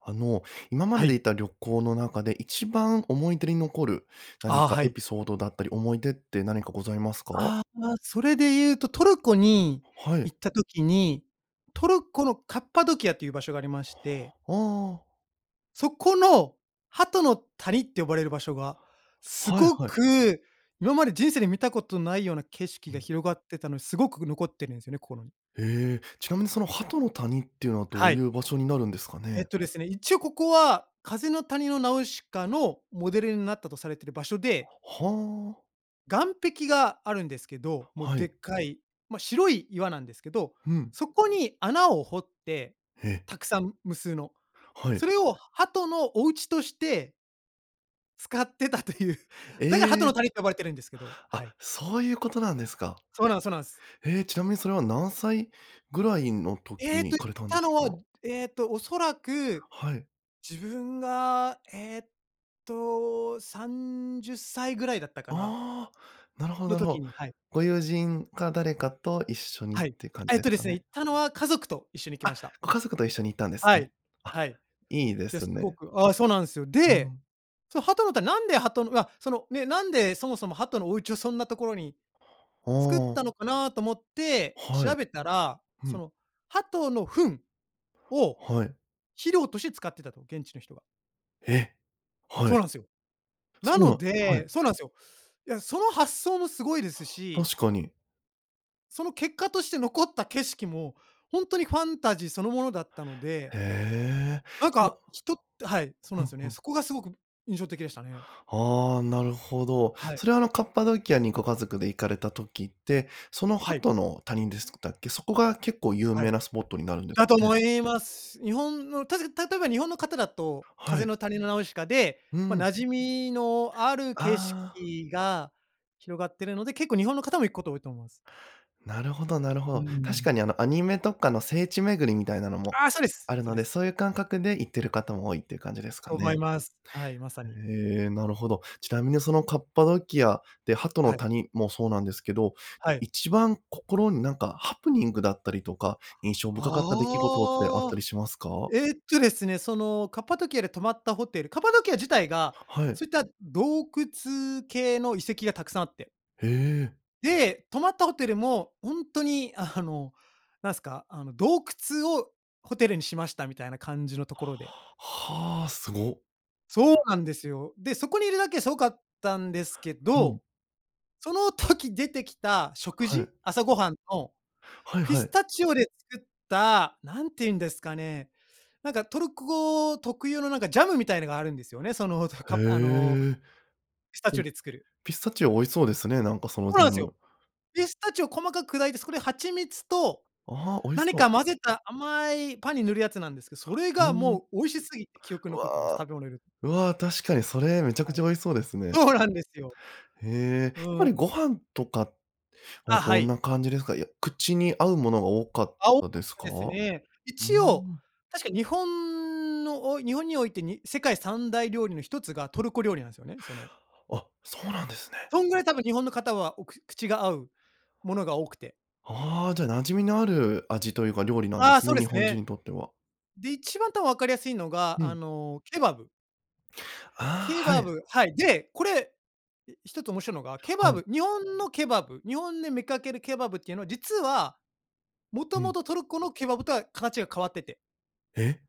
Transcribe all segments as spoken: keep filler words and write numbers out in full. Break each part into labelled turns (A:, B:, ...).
A: あの、今ま
B: は
A: でで
B: い。
A: 行った旅行の中で一番思い出に残る、
B: あ
A: 何
B: あ、
A: か
B: は
A: エ
B: い。
A: ピソードだったり、思い出って何かございますか？
B: ああああ、それでいうとトルコに
A: はい。
B: 行った時に、トルコのカッパドキアという場所がありまして。
A: ああ。
B: そこの、鳩の谷って呼ばれる場所が、す
A: はい
B: ご
A: はい。
B: く今まで人生で見たことないような景色
A: う
B: が
A: ん。
B: 広がってたので、すごく残ってるんすよね、心に。
A: へえ。ちなみにその鳩の谷っていうのは、ど
B: は
A: う
B: い。
A: いう場所になるんですか
B: えっ
A: ね？
B: とですね、一応ここは、風の谷のナウシカの、モデルになったとされてる場所で。
A: はあ。
B: 岩壁があるんですけど、もう、
A: は
B: でっ
A: い。
B: かい、ま、白い岩なんですけど、
A: ふん。
B: そこに穴を掘って、
A: へ。
B: たくさん無数の。
A: はい。
B: それを鳩のお家として使ってたという。だから鳩の
A: え！
B: 谷と呼ばれてるんですけど、は
A: あ、
B: い。
A: そういうことなんですか。
B: そうなん、そなんす。
A: へえ、ちなみにそれは何歳ぐらいの時
B: えっ
A: に
B: と、
A: 行かれ
B: 行っ
A: たんで
B: た
A: す
B: のは、
A: か？
B: えっとおそらく、
A: はい。
B: 自分がえっと、さんじゅっさいぐらいだったかな？
A: ああ、なるほど
B: の
A: なる
B: 時
A: ほ
B: に、はい。
A: ご友人か誰かと一緒にっ
B: はい。
A: て感じ
B: えっ
A: で
B: と
A: す
B: で
A: か
B: すね、行
A: ね？
B: ったのは、家族と一緒に行きま
A: あ、
B: した。
A: ご家族と一緒に行ったんです
B: は
A: ね。
B: い、
A: あ、
B: はい。
A: いいで
B: で、
A: す
B: すご
A: ね。
B: くあ、そうなんすよ。
A: う
B: で、
A: ん。
B: その鳩の谷なんで鳩のうわ、そのね、なんでそもそも鳩のお家をそんなところに、
A: あ
B: 作っ
A: あ。
B: たのかなと思って
A: は
B: 調
A: い。
B: べたら、
A: ふ
B: そ
A: ん。
B: の鳩の糞を
A: はい。
B: 肥料として使ってたと、現地の人が。
A: え。は
B: そう
A: い。
B: なんすよ。
A: そ
B: な
A: うな
B: の
A: んは
B: で、
A: い。
B: そうなんすよ。いや、その発想もすごいですし
A: 確かに。
B: その結果として残った景色も、ほんとにファンタジーそのものだったので
A: へえ、
B: なん
A: いや
B: か人ってはい、そう
A: ふ
B: なん
A: ん
B: すよ
A: ふ
B: ね。
A: ん。
B: そこがすごく印象的でしたね。
A: ああ、なるほど。
B: はい。
A: それは、あの、カッパドキアにご家族で行かれた時って、その
B: はい。
A: 鳩の谷ですくたっけ？そこが結構有
B: は
A: 名
B: い。
A: なスポットになるんです
B: だ
A: か
B: と
A: ね。
B: 思います。日本の確か例えば日本の方だと、
A: は
B: 風
A: い。
B: の谷のナウシカで、
A: う
B: ま、
A: ん。
B: 馴染みのある景色
A: ああ。
B: が広がってるので、結構日本の方も行くこと多いと思います。
A: なるほどなるほ
B: うー
A: ど。確
B: ん。
A: かに、あの、アニメとかの聖地巡りみたいなのも
B: あ、そうです。
A: ある
B: そう
A: の
B: で
A: で、
B: す。
A: そういう感覚で行ってる方も多いっていう感じですか
B: と思い
A: ね。
B: ます。はい、まさに。
A: へえ、なるほど。ちなみにそのカッパドキアで鳩の
B: はい。
A: 谷もそうなんですけど、
B: はい。
A: 一番心になんかハプニングだったりとか、印象深かった出来事ってあっ
B: あ
A: たり
B: あ。
A: しますか？
B: えっとですね、その、カッパドキアで泊まったホテルカッパドキア自体が、
A: ははい。
B: そういった洞窟系の遺跡がたくさんあって。
A: へえ。
B: で、泊まったホテルも、ほんとに、あの、なんすか、あの、洞窟をホテルにしました、みたいな感じのところで。
A: はあ、すご。
B: そうなんですよ。で、そこにいるだけですごかったんですけ
A: ふ
B: ど、
A: ん。
B: その時出てきた食
A: は
B: 事？
A: い。
B: 朝ごはんの、
A: はい
B: ピ
A: は
B: ス
A: い。
B: タチオで作った、何て言うんですかね、なんかトルコ特有のなんかジャムみたいのがあるんですよね。その、と
A: へ
B: かぱあの、
A: え、
B: ピスタ
A: う
B: チオ
A: ん、
B: で作る。
A: ピスタチオ美味そうですね、なんかその
B: ほう
A: ジャ
B: なんすよ。
A: ム。
B: ピスタチオ細かく砕いて、そこで蜂蜜と、
A: ああ、美味し
B: 何
A: そう。
B: か混ぜた甘い、パンに塗るやつなんですけど、それ
A: うー
B: が
A: ん。
B: もう美味しすぎて、記憶
A: う
B: に残ってます、
A: わ、
B: 食べ物で。
A: うわ、確かにそれ、めちゃく
B: はい。
A: ちゃ美味しそうですね。
B: そうなんですよ。
A: へえ、やっ
B: うー
A: ぱ
B: ん。
A: りご飯とかは
B: あ、は
A: どん
B: い。
A: な感じですか？いや、口に合うものが多かっ
B: あ、多か
A: たで
B: っ
A: す
B: た
A: か？
B: です
A: う
B: ね。
A: ー
B: 一応、
A: ん。
B: 確か日本の、お日本において、に世界三大料理の一つがトルコ料理なんすよね、その。
A: あ、そうなんですね。
B: そんぐらい多分、日本の方は、おく口が合うものが多くて。
A: ああ、じゃ、馴染みのある味というか料理なん
B: あ
A: で
B: あ、
A: す
B: そう
A: ね、
B: で
A: 日
B: す
A: 本人
B: ね。
A: にとっては。
B: で、一番た、わかりやすいのが、
A: う
B: あ
A: ん。
B: のケバブ。
A: ああ、
B: ケ
A: は
B: バ
A: い。
B: ブはい、で、これ、え、一つ面白いのが、ケ
A: は
B: バ
A: い。
B: ブ、日本のケバブ、日本で見かけるケバブっていうのは、実は、もと
A: う
B: も
A: ん。
B: とトルコのケバブとは形が変わってて。
A: え？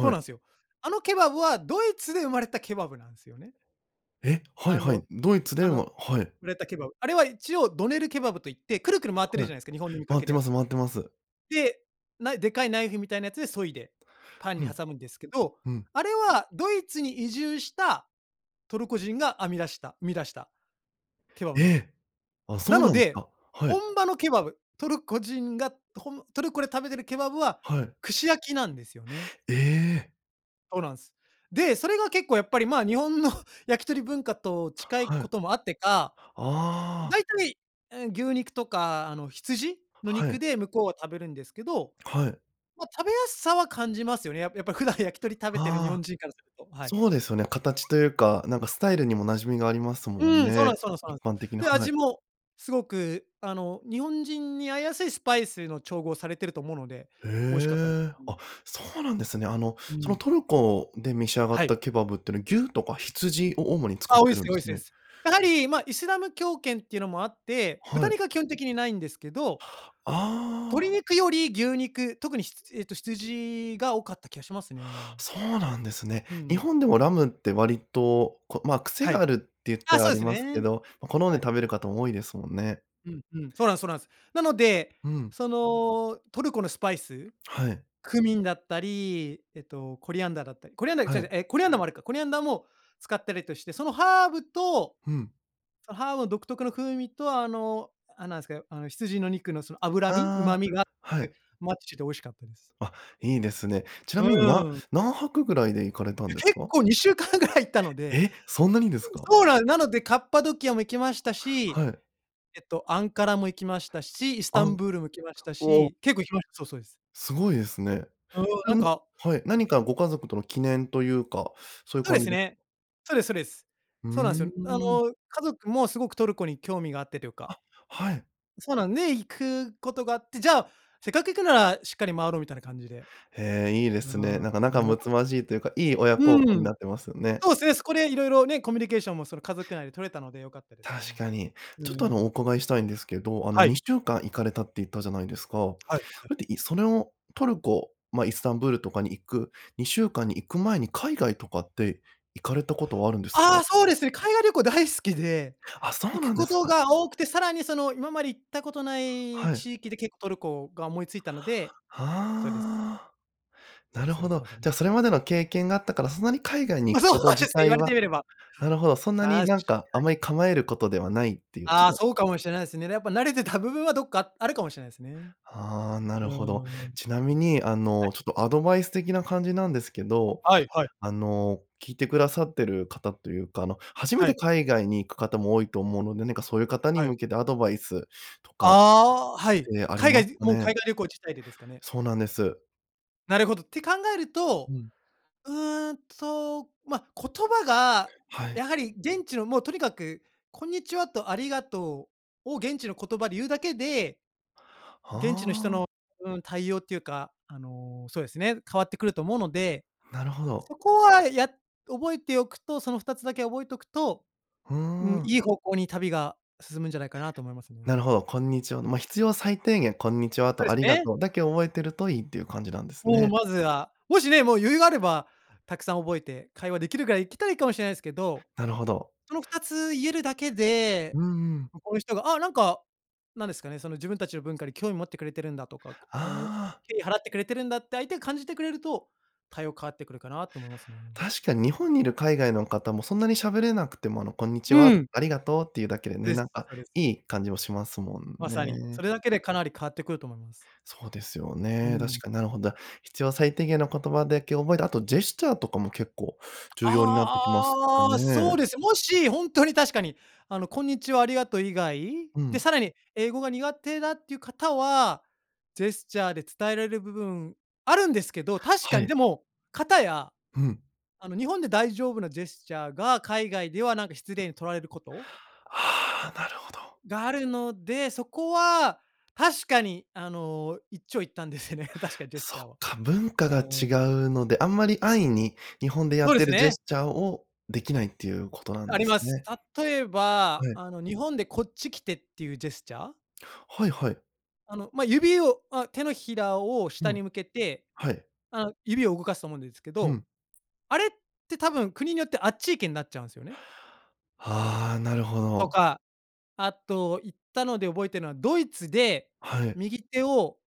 B: そう
A: い。
B: なんっすよ。あのケバブは、ドイツで生まれたケバブなんすよね。
A: え、はい
B: あ
A: は
B: の
A: い。ドイツ
B: あ
A: で
B: の、
A: ははい。
B: 売れたケバブ。あれは一応ドネルケバブと言って、くるくる回ってる
A: はい。
B: じゃないすか。日本で見か
A: 回っ
B: け
A: て
B: るや
A: ます、
B: つ。
A: 回ってます。
B: で、ないでかいナイフみたいなやつで削いで、パン
A: ふ
B: に
A: ん。
B: 挟むんですけど、
A: うん。
B: あれはドイツに移住したトルコ人が編み出した生み出したケバブ
A: え
B: なんすよ。
A: え。あ、
B: な
A: そう
B: の
A: なんです
B: で、
A: か。はい。
B: 本場のケバブ、トルコ人がほんトルコで食べてるケバブは、
A: はい。
B: 串焼きなんですよね。
A: ええ。
B: そうなんす。で、それが結構、やっぱり、まあ、日本の焼き鳥文化と近い
A: は
B: こ
A: い。
B: ともあってか、
A: ああ。
B: 大体、え、牛肉とか、あの、羊の
A: は
B: 肉
A: い。
B: で向こうは食べるんですけど、
A: はい。
B: ま、食べやすさは感じますよね。やっぱやっぱ普段焼き鳥食べてる日
A: あ
B: 本
A: あ。
B: 人からすると。はい。
A: そうですよね。形というか、なんか、スタイルにも馴染みがあります
B: う
A: もん
B: ーん、そうな
A: ね。
B: んそうなんそうな
A: 一
B: ん。
A: 般的な
B: で、
A: はい。
B: 味も凄く、あの、日本人に合いやすいスパイスの調合されてると思うので、
A: へ
B: 美味しかったです。
A: え。
B: うん。
A: あ、そうなんですね。あの、
B: う
A: その、
B: ん。
A: トルコで召し上がっ
B: はい。
A: たケバブってのは、牛とか羊を主に使っ
B: あ、多い
A: て
B: っ
A: るん
B: す
A: で
B: 多いっ
A: す
B: す多いっ
A: ね。
B: す。やはり、ま、イスラム教圏っていうのもあって、
A: は
B: 豚
A: い。
B: 肉は基本的に無いんですけど、
A: あ
B: 鶏
A: あ。
B: 肉より牛肉、特に、ひつえっと、羊が多かった気がしますね。
A: そうなんですね。
B: う
A: 日
B: ん。
A: 本でもラムって割と、こま、癖
B: は
A: が
B: い。
A: あるって言った
B: あ、
A: ら
B: そ
A: あ
B: うで
A: り
B: す
A: ますけ
B: ね。
A: ど、ま、好んで
B: はい。
A: 食べる方も多いですもんね。
B: うんうん、そうなんすそうなんす。なので、
A: うん。
B: その、トルコのスパイス、
A: はい。
B: クミンだったり、えっと、コリアンダーだったりコリアンダーち
A: は
B: ゃうちゃ
A: い。
B: う、え、コリアンダーもあるか。コリアンダーも使ったりとして、そのハーブと
A: ふん。
B: そのハーブの独特の風味と、あの、あ、何すか、あの、羊の肉のその脂身、
A: あ
B: 旨
A: あ、
B: 味が合っ
A: は
B: て、
A: い。
B: マッチして美味しかったです。
A: あ、いいですね。ちな
B: う
A: みに、な
B: ーん。
A: 何泊ぐらいで行かれた
B: え、
A: んです
B: 結
A: か？
B: 構にしゅうかんぐらい行ったので、
A: え、そんなにですか？
B: そうななので、カッパドキアも行きましたし、
A: はい。
B: えっと、アンカラも行きましたし、イスタ
A: あんう
B: ンブールも行きました
A: お。
B: し、結構行きました。そうそうです。
A: 凄いですね。
B: うーん、なん
A: [unintelligible]
B: か
A: はい、
B: はい。
A: 何かご家族との記念というか、そういう
B: そうで
A: 感じ
B: す
A: で
B: ね。そうですそうです。
A: う
B: そうなんす
A: ー
B: よ。あの、
A: ん。
B: 家族も凄くトルコに興味があってというか。
A: あ、はい。
B: そうなんね、行くことがあって、じゃあ、せっかく行くなら、しっかり周ろうみたいな感じで。
A: へえ、いいですね。
B: あ
A: なんか、仲
B: あ、良か
A: 睦まじいと言うか、いい親
B: う
A: 孝行
B: ー
A: に
B: ん。
A: なってますよね。
B: そうすね。そこで色々ね、コミュニケーションも、その、家族内で取れたので良かったです
A: 確
B: ね。
A: かに。
B: う
A: ちょっと、あ
B: ーん。
A: の、お伺いしたいんですけど、あの、
B: は
A: に
B: い。
A: しゅうかん行かれたって言ったじゃないですか。ほ
B: はいはい。
A: いっていそれをトルコ、まあ、イスタンブールとかに行くにしゅうかんに行く前に、海外とかって行かれたことはあるんです
B: あ
A: か？
B: あ、そうですね。海外旅行大好きで、
A: あ、そう
B: 行く
A: なんで
B: こ
A: す
B: と
A: か。
B: が多くて、更にその、今まで行ったことない
A: はい。
B: 地域で結構トルコが思い付いたのでそうです。
A: はあ。
B: そう
A: な
B: です
A: る
B: そう
A: ほ
B: です、
A: ど。
B: まさに。
A: じゃ、それまでの経験があったから、そんなに海外に
B: ま、
A: 行
B: そ
A: く
B: う
A: こと
B: です
A: 自
B: ね、言わ
A: 体
B: れて
A: は
B: みれば。
A: なるほど。そんな
B: 確か
A: に、
B: に。
A: なんか、あまり構えることではないっていう、ち
B: ああ、
A: ょっと
B: そうかもしれないすね。やっぱ慣れてた部分は、どっかあるかもしれないすね。
A: はあ、な
B: う
A: る
B: ー
A: ほど。
B: ん、
A: ちな
B: 確か
A: み
B: に。
A: に、あ
B: はい。
A: の、ちょっと、アドバイス的な感じなんですけど、
B: はいはい。
A: あの、聞いて下さってる方というか、あの、初め
B: は
A: て
B: い。
A: 海外に行く方も多いと思うので、何かそういう方に
B: はい。
A: 向けてアドバイスとかっ
B: ああ、はい。
A: てあり
B: 海
A: ま
B: 外
A: す
B: で
A: か
B: もう
A: ね。
B: 海外旅行自体でですかね。
A: そうなんです。
B: なるほど。って考える
A: う
B: と、
A: ん。
B: うーんと、ま、言葉が、
A: は
B: や
A: い。
B: はり現地の、もう、とにかく、「こんにちは」と「ありがとう」を現地の言葉で言うだけで、
A: は
B: 現地の人
A: あ。
B: のうん、対応っていうか、あの、そうですね、変わってくると思うので、
A: なるほど。
B: そこは、や覚えておくとそのふたつだけ覚えとくと、
A: ふー
B: うん、
A: ん。
B: いい方向に旅が進むんじゃないかな、と思いますね。
A: なるほど、こんにちは
B: う
A: ま、
B: ん。
A: 必要最低限「こんにちは」
B: そうで
A: と「あ
B: す
A: りが
B: ね。
A: とう」だけ覚えてるといいっていう感じなんです
B: もう、
A: ね。
B: まずは。もしね、もう、余裕があれば、たくさん覚えて会話出来るぐらい行きたいかもしれないですけど、
A: なるほど。
B: そのふたつ言えるだけで、
A: うんうん。
B: この人が、あ、なんかなんですかね、その自分達の文化に興味持ってくれてるんだ、とか、あの、
A: ああ。
B: 敬意払ってくれてるんだって相手が感じてくれると、対応変わってくるかな、と思いますね。
A: 確かに、日本にいる海外の方も、そんなに喋れなくても、あの、「こんにちは」
B: うん。
A: 「ありがとう」って言うだけでね、
B: です、
A: なんか、
B: それ。
A: いい感じもしますもん
B: まさに。そ
A: ね。
B: れだけで、かなり変わってくると思います。
A: そうですよ
B: うー
A: ね。確
B: ん。
A: かに、なるほどだ。必要最低限の言葉だけ覚えて、あと、ジェスチャーとかも、結構
B: あ
A: 重要になってきますか
B: あ、ああ、そう
A: ね。
B: です。もし、ほんとに確かに、あの、「こんにちは」「ありがとう」以外
A: う
B: で、
A: ん。
B: 更に英語が苦手だっていう方は、ジェスチャーで伝えられる部分あるんですけど、確か
A: は
B: に。
A: い。
B: でも、かたや、
A: うん。
B: あの、日本で大丈夫なジェスチャーが、海外では、なんか、失礼に取られること
A: ああ、なるほど。
B: があるので、そこは、確かに、あの、一長一短ですよね、確かにジェス
A: そ
B: チャー
A: っ
B: は。
A: か、文化
B: う
A: が違
B: ーん。
A: うので、あんまり安易に、日本でや
B: そ
A: っ
B: うで
A: て
B: す
A: るジェ
B: ね。
A: スチャーを出来ないっていうことなん
B: あ
A: で
B: り
A: す
B: ます。
A: ね。
B: 例えば、
A: はい。
B: あの、日本で「こっち来て」って言うジェスチャー？
A: はいはい。
B: あの、ま、指を、あ、手のひらを
A: う
B: 下
A: ん。
B: に向けて、
A: はい。
B: あう、指を動かすと思うんですけ
A: う
B: ど、
A: ん。
B: あれって多分国によってあっち行けんなっちゃうんすよね。
A: ああ、なるほ
B: と
A: ど。
B: か、あと行ったので覚えてのはドイツで、
A: はい。
B: 右手を、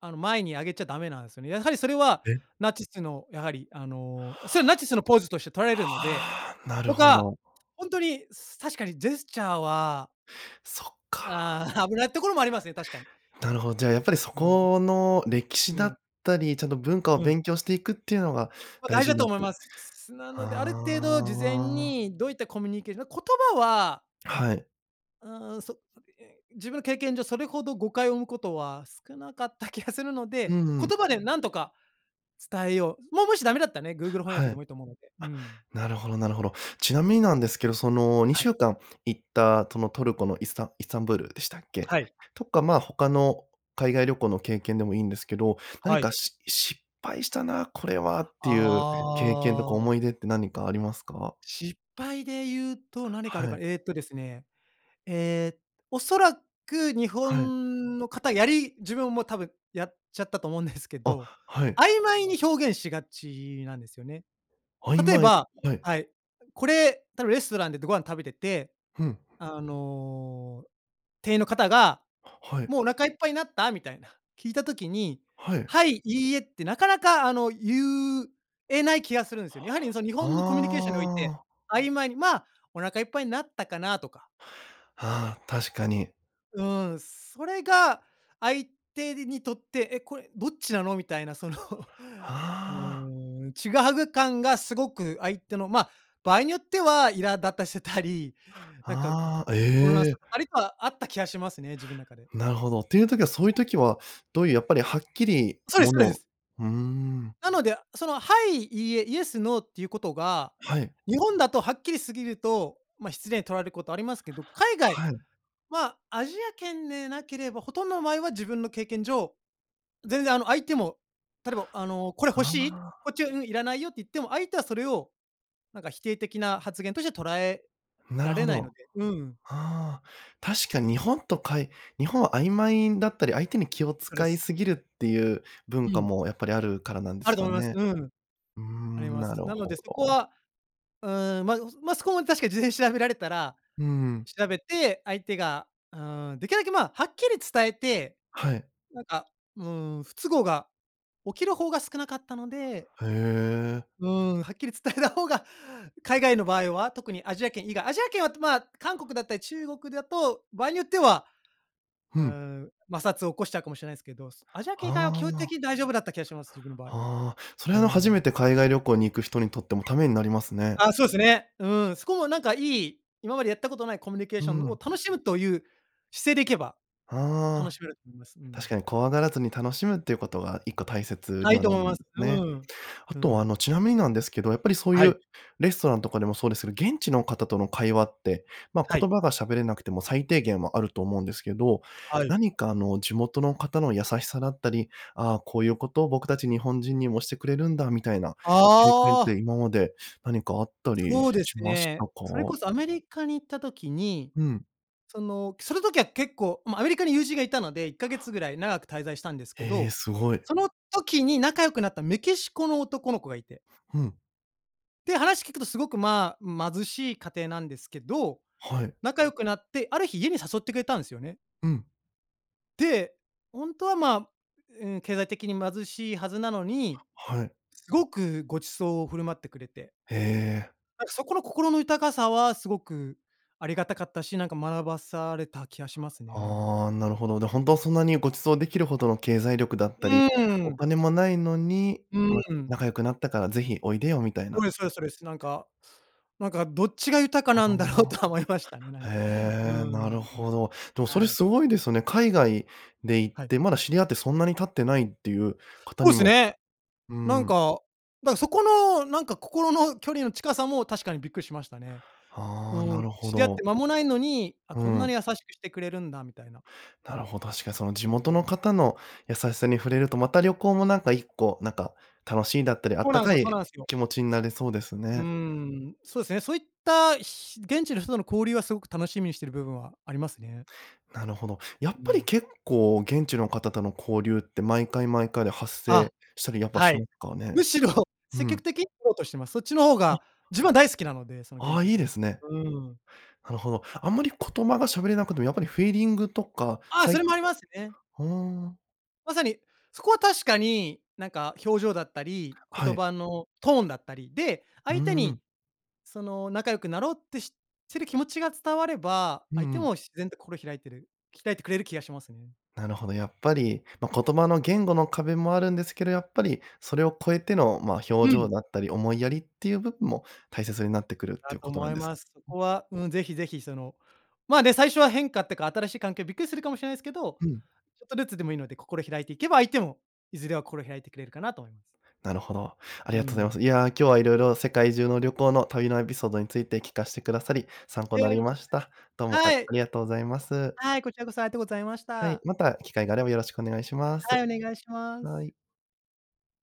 B: あの、前に上げちゃダメなんすよね。やはり、それは
A: え？
B: ナチスのやはり、あの、それはナチスのポーズとして取られるので、
A: ああ、なる
B: と
A: ほ
B: か、
A: ど。
B: ほんとにす確かにジェスチャーは。
A: そっか。
B: あ、危ないところもありますね、確かに。
A: なるほじゃあ、やっぱりそ
B: うん、う。
A: この歴史
B: う
A: だ
B: ん。
A: ったり、ちゃんと文化を
B: うん。
A: 勉強していくっていうのが
B: ま、
A: 大
B: 大事
A: 事
B: だ
A: に
B: と
A: なっ
B: 思い
A: て。
B: ます。なので、ある程度事前
A: ああ。
B: にどういったコミュニケの言葉は
A: はい。
B: うーん、そ [unintelligible] 自分の経験上それほど誤解を生むことは少なかった気がするの
A: う
B: で、
A: んうん。
B: 言葉でなんとか伝えよう。もうもしダメだっらたね、Google 翻
A: は
B: 訳で
A: い。
B: もいいと思うので。う
A: あ、
B: ん。
A: なるほどなるほど。ちなみになんですけど、そのに
B: は
A: しゅ
B: い。
A: うかん行ったそのトルコのイスタンイスタンブールでしたっけ？
B: はい。
A: とか、ま、他の海外旅行の経験でもいいんですけど、何
B: はい。
A: かし失敗したなこれはって
B: あ
A: いう経験とか
B: あ。
A: 思い出って何かありますか？
B: 失敗で言うと何かある
A: は
B: か、
A: い。
B: えっとですね、え、おそらく日
A: はい。
B: 本の方やり自分も多分やっちゃったと思うんですけ
A: あ、
B: ど、
A: はい。
B: 曖昧に表現しがちなんですよね。
A: 曖
B: 例え
A: 昧？
B: ば
A: はい。
B: はい、これ、たぶんレストランででご飯食べてて、
A: ふん。
B: あの、店員の方が
A: はい。
B: 「もうお腹いっぱいになった？」みたいな、聞いた時に、
A: はい。
B: はい、いいえってなかなかあの、言うえない気がするんすよね。やはりその、日
A: あ
B: 本のコミュニケーションにおいて、
A: あ。
B: 曖昧に「ま、お腹いっぱいになったかな？」とか。
A: ああ、確かに。
B: うん。それが、相手ににとって、え、これどっちなの、みたいなその。う
A: はあ。
B: ーん。ちぐはぐ感がすごく、相手の、まあ、場合によっては、苛立たせたり、なんか
A: ああ、
B: 混乱
A: え
B: さ
A: え。
B: せたりとは、あった気がしますね、自分中で。
A: なるほど。ていう時は、そういう時はどういう、やっぱりはっきり
B: そうです
A: も
B: そうで
A: の
B: す。
A: うーん。
B: なので、その、はい、いいえ、イエス、ノーっていうことが、
A: はい。
B: 日本だとはっきり過ぎると、まあ、失礼に取られることありますけど。海外
A: はい。
B: は、アジア圏でなければ、ほとんどの場合は自分の経験上、全然あの相手も、例えばあの、これ欲
A: あ
B: しい？こっち
A: あ。
B: は、「うん、いらないよ」って言っても、相手はそれを、なんか否定的な発言としては、捉え
A: な
B: ら
A: る
B: れ
A: ほ
B: ない
A: ど。
B: ので。うん。
A: はあ、確かに日本とかい日本は曖昧だったり、相手に気を
B: そで
A: 使
B: す。
A: いすぎるっていう文
B: う
A: 化
B: ん。
A: も、やっぱりあるからなんで
B: あ
A: す
B: ると
A: か
B: 思います。
A: ね。
B: うん。
A: うー
B: あり
A: ん、
B: ま
A: なる
B: す。なので
A: ほ
B: そこ
A: ど。
B: は、うーん。まあ、う、まあ、そこも確かに事前に調べられたら、
A: うん。
B: 調べて相手が、ああ、できるだけ、まあ、はっきり伝えて、
A: はい。
B: なんか、うーん、不都合が起きる方が少なかったので
A: へえ。
B: うーん。はっきり伝えた方が、海外の場合は、特にアジア圏以外アジア圏は、まあ、韓国だったり中国だと、場合によっては、
A: ふ
B: うー
A: ん。
B: ん。摩擦を起こしちゃうかもしれないですけど。アジア圏
A: は
B: 以外は、基本的
A: あ。
B: に大丈夫だった気がします、自分の場合。
A: はあ。それ
B: う
A: は初め
B: ん。
A: て海外旅行に行く人にとっても、ためになりますね。
B: あ、そうすね。うん。そこもなんかいい。今までやったことないコミュニケー
A: う
B: ションを、
A: ん。
B: 楽しむという姿勢で行けば、楽
A: はあ。
B: しめると思います。うん。
A: 確かに怖がらずに、楽しむっていうことが、いっこ大切
B: あ、
A: に
B: いい
A: は
B: と
A: な
B: 思い
A: る
B: ま
A: ん
B: す。
A: です
B: う
A: ね。
B: ん。
A: あ
B: う
A: とあ
B: ん。
A: の、ちなみになんですけど、やっぱりそう
B: は
A: い
B: い。
A: う、レストランとかでもそうですけど、現地の方との会話って、まあ、
B: は
A: 言
B: い。
A: 葉が喋れなくても、最低限はあると思うんですけど。
B: はい。
A: 何かあの、地元の方の優しさだったり、ああ、こういうことを、僕たち日本人にもしてくれるんだ、みたいな経験っ
B: ああ。
A: て、今まで何かあったり
B: そうです
A: しました
B: ね。
A: か？
B: それこそアメリカに行った時に、
A: うん。
B: その、その時は結構、まあ、アメリカに友人がいたので、いっかげつぐらい長く滞在したんですけ
A: へえ、
B: ど、
A: すごい。
B: その時に仲良くなったメキシコの男の子がいて。
A: ふん。
B: で、話聞くと、すごくまあ、貧しい家庭なんですけど、
A: はい。
B: 仲良くなって、ある日家に誘ってくれたんですよね。
A: うん。
B: で、ほんとはまあ、うーん、経済的に貧しいはずなのに、
A: はい。
B: すごくご馳走を振る舞ってくれて。
A: へえ。
B: なんかそこの心の豊かさは、すごくありがたかったし、なんか学ばされた気がしますね。
A: ああ、なるほど。で、ほんとはそんなにご馳走出来るほどの経済力だっ
B: う
A: たり、お
B: ーん。
A: 金も無いのに、
B: う
A: ま、
B: ーん。
A: 仲良くなったから是非おいでよみたい
B: そ
A: な。
B: うですそうですそうです。なんか、なんかどっちが豊か
A: は
B: なんだろうとは思いましたね、な
A: あ。
B: んか。う
A: へえ、な
B: ーん、
A: るほど。でもそれ
B: はい。
A: すごいですよね。海外で行っ
B: はい。
A: て、まだ知り合ってそんなに経ってないっていう方
B: そ
A: に
B: うす
A: も、
B: ね。
A: うー
B: なん
A: ん。
B: か、だそこの、なんか心の距離の近さも確かにびっくりしましたね。う
A: はあ、
B: ー
A: な
B: ん。
A: るほ
B: 知り合っ
A: ど。
B: て間もないのに、あ、
A: う
B: こんなに
A: ん。
B: 優しくしてくれるんだ、みたいな。
A: なるほ確かにその地
B: う
A: 元
B: ん。
A: の方の優しさに触れると、また旅行もなんか一個、なんか、楽しいんだったり、あ
B: そ
A: っ
B: う
A: た
B: なんす
A: か
B: よそう
A: い
B: なんすよ。
A: 気持ちになれそうです
B: うー
A: ね。
B: ん、そうですね。そういった、ひ現地の人との交流はすごく楽しみにしてる部分はありますね。
A: なるほど。やっ
B: う
A: ぱり
B: ん。
A: 結構、現地の方との交流って、毎回毎回で発
B: あ、
A: 生したりやっぱ
B: は
A: しま
B: い。
A: すかね。
B: むしろ
A: う
B: 積極
A: ん。
B: 的、取ろうとしています。そっちの方
A: あ
B: が、自分は大好きなので、その
A: あ
B: 現
A: あ、
B: 地の
A: いい
B: 人う
A: ですね。
B: ーん。
A: なるほど。あんまりことまが喋れなくても、やっぱりフィーリングとか
B: あ、
A: さ
B: そ
A: い
B: れもありますよね。
A: ふーん。
B: まさに、そこは確かに、なんか表情だったり、
A: は
B: 言
A: い。
B: 葉のトーンだったり、で、
A: う
B: 相手
A: ー
B: に
A: ん。
B: その、仲良くなろうってししてる気持ちが伝われば、
A: うん
B: 相手
A: うん。
B: も自然と心を開いてる、鍛えてくれる気がしますね。
A: なるほど、やっぱり、ま、言葉の言語の壁もあるんですけど、やっぱり、それを超えての、まあ、
B: う
A: 表情
B: ん。
A: だったり、思いやりっていう部分も大切になってくるって
B: だ
A: いう
B: と
A: ことな
B: 思
A: ん
B: い
A: です
B: ます。そ
A: ね。
B: こは、うん。ぜひぜひ、その、まあ、ね、最初は変化ってか新しい環境びっくりするかもしれないですけど、
A: うん。
B: ちょっとずつでもいいので心を開いていけば、相手もいずれは心を開いてくれるかなと思います。
A: なるほど。あ
B: う
A: りがとうございま
B: ん。
A: す。いや、今日は色々世界中の旅行の、旅のエピソードについて聞かしてくださり、参考
B: で
A: なり
B: は、こ
A: ま
B: ち
A: し
B: らこ
A: た。どう
B: そ。
A: も、あ
B: はい。
A: ありがとうございます。
B: はい、こちらこそありがとうございまし
A: はい。
B: た。
A: また機会があればよろしくお願いしま
B: はい、
A: す。
B: お願いします。
A: はい。